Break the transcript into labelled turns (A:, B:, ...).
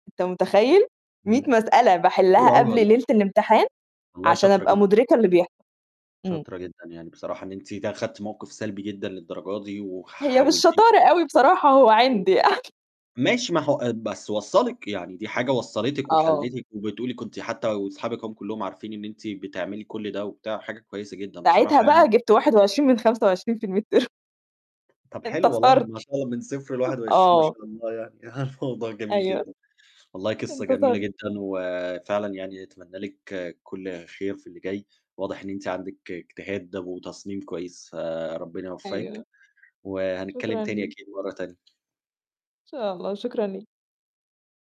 A: أنت متخيّل؟! 100
B: إمم،
A: مسألة
B: حلو
A: باحلّها
B: أوي
A: قبل
B: والله.
A: ليلة الإمتحان،
B: والله
A: عشان
B: شاطرة
A: أبقى
B: جدًا.
A: مُدركة اللي بيحصل. إمم.
B: شاطرة جدًا، يعني بصراحة إن أنتِ ت أخدتِ موقِف سلبي جدًا للدرجة دي
A: هي مش
B: حَولتيه
A: شطارة أوي بصراحة هو
B: إمم.
A: عِند يعني.
B: ماشي ما هو آآ بس وصلِّك، يعني دي حاجة وصلتِك
A: آه.
B: وحليتِك وبتقولي كنتِ حتى وأصحابِك أهم كلّهم عارفين إن أنتِ بتعملي كل ده وبتاع وحاجة كويسة جدًا، بصراحة
A: ساعتها بقى
B: يعني
A: جبت 21 من 25 في الميد ترم.
B: طَب حلو والله،
A: انتصرت.
B: ما شاء الله، من 0 ل21 ما
A: آه.
B: شاء الله يعني موضوع جميل
A: أيوه.
B: جدًا، والله قصّة جميلة
A: انتصرت.
B: جدًا، وفعلًا يعني أتمنّى لِك كل خير في اللي جاي واضح إن أنتِ عندِك اجتهاد و وتصميم كويس. فربنا يوفّقِك
A: أيوه.
B: وهنتكلّم
A: شكرًا
B: تاني
A: ليك.
B: أكيد مرّة تانية.
A: إن شاء الله، وشكرًا ليك.